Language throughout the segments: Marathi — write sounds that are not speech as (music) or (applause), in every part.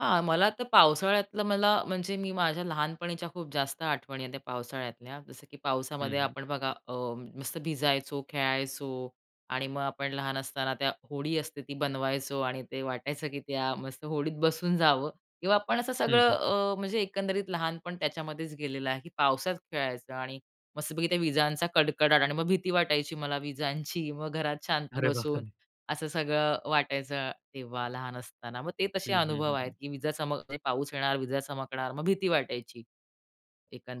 हां, मला तर पावसाळ्यातलं मला म्हणजे मी माझ्या लहानपणीच्या खूप जास्त आठवणी आहेत त्या पावसाळ्यातल्या. जसं, की पावसामध्ये हं, हं. आपण बघा अ, मस्त भिजायचो, खेळायचो आणि मग आपण लहान असताना त्या होडी असते ती बनवायचो आणि ते वाटायचं, की त्या मस्त होडीत बसून जावं किंवा आपण असं हं, सगळं हं. अ, म्हणजे एकंदरीत लहानपण त्याच्यामध्येच गेलेलं आहे, की पावसात खेळायचं आणि मस्तपैकी त्या विजांचा कडकडाट आणि मग भीती वाटायची मला विजांची. मग घरात शांत अरे बसून बापरे! असं सगळं वाटायचं तेव्हा लहान असताना. मग ते तसे हं, हं, अनुभव हं, आहेत, हं. की विजा चमक, म्हणजे पाऊस येणार, विजा चमकणार मग भीती वाटायची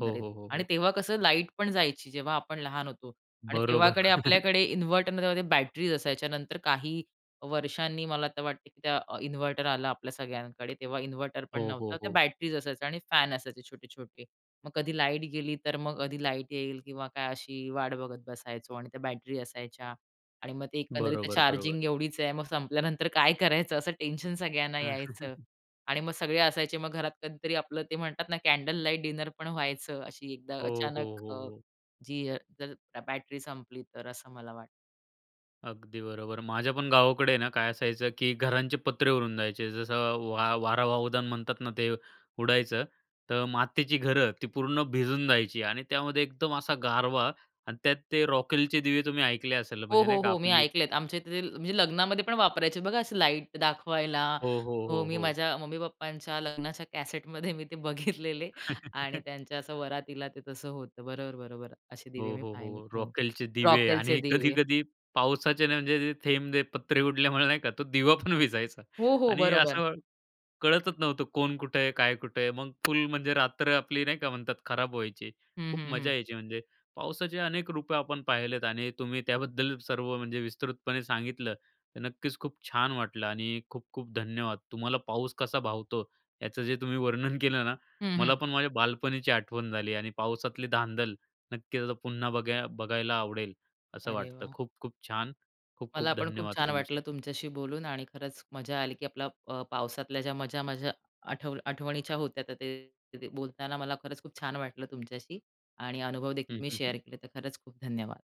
हो, हो, हो, आणि हो. तेव्हा कसं लाईट पण जायची, जेव्हा आपण लहान होतो आणि बरोबर. तेव्हाकडे (chuckles) आपल्याकडे इन्व्हर्टर नव्हते. त्या बॅटरीज असायच्या, नंतर काही वर्षांनी मला तर वाटतं, की त्या इन्व्हर्टर आला आपल्या सगळ्यांकडे, तेव्हा इन्व्हर्टर पण हो, नव्हता. हो, त्या हो. बॅटरीज असायच्या आणि फॅन असायचे छोटे-छोटे. मग कधी लाईट गेली, तर मग कधी लाईट येईल किंवा काय अशी वाट बघत बसायचो आणि त्या बॅटरी असायच्या आणि मग ते एकंदरीत बरोबर, बरोबर. चार्जिंग एवढीच आहे, मग संपल्यानंतर काय करायचं असं टेन्शन सगळ्यांना यायचं. (chuckles) आणि मग सगळे असायचे मग घरात कधीतरी आपलं ते म्हणतात ना, कॅन्डल लाईट डिनर पण व्हायचं अशी एकदा हो, हो, अचानक हो, अ, हो. जी अ, (unintelligible) बॅटरी संपली तर, असं मला वाटतं. अगदी बरोबर. माझ्या पण गावाकडे आहे ना काय असायचं, की घरांचे पत्रे उडून जायचे. जसं वा वारा वावदान म्हणतात ना ते, उडायचं. तर मातीची घरं ती पूर्ण भिजून जायची आणि त्यामध्ये एकदम असा गारवा आणि त्यात ते रॉकेलचे दिवे तुम्ही ऐकले असेल हो, म्हणजे हो, नाही का हो. मी आपली ऐकलेत आमच्या इथे ते म्हणजे लग्नामध्ये पण वापरायचे आहेत बघा अशी लाईट दाखवायला. हो, हो, हो, हो, मी हो. माझ्या मम्मी-पप्पांच्या लग्नाच्या कॅसेटमध्ये मी ते बघितलेले. आणि त्यांच्या असं (chuckles) वरातीला ते तसं होतं बरोबर-बरोबर. असे दिवे हो, मी हो, पाहिलेत हो. हो. रॉकेलचे दिवे रॉकेलचे आणि दिवे. कधी-कधी पावसाचे ना म्हणजे ते थेंब पत्रे उडल्यामुळे नाही का तो दिवा पण विझायचा. हो, हो. आणि बरोबर. असं कळतच नव्हतं कोण कुठे आहे, काय कुठे आहे. मग फुल म्हणजे रात्र आपली नाही का म्हणतात खराब व्हायची. हं, खूप हं, हं. मजा यायची म्हणजे पावसाचे अनेक रूपं आपण पाहिलेत आणि तुम्ही त्याबद्दल सर्व म्हणजे विस्तृतपणे सांगितलं. तर नक्कीच, खूप छान वाटलं आणि खूप-खूप धन्यवाद. तुम्हाला पाऊस कसा भावतो याचं जे तुम्ही वर्णन केलं ना, हं, मला हं. पण माझ्या बालपणीची आठवण झाली आणि पावसातली धांदल. नक्कीच, आता पुन्हा बघा बघायला आवडेल असं अरे वाटतं. वाह! खूप-खूप छान. मला खूप-खूप पण खूप धन्यवाद छान वाटलं तुमचे. तुमच्याशी बोलून आणि खरंच मजा आली, की आपला अ, पावसातल्या ज्या मजा माझ्या आठ आठवणीच्या होत्या, तर ते ते बोलताना मला खरंच खूप छान वाटलं तुमच्याशी आणि अनुभवदेखील हं, मी हं, शेअर हं. केले. तर खरंच खूप धन्यवाद.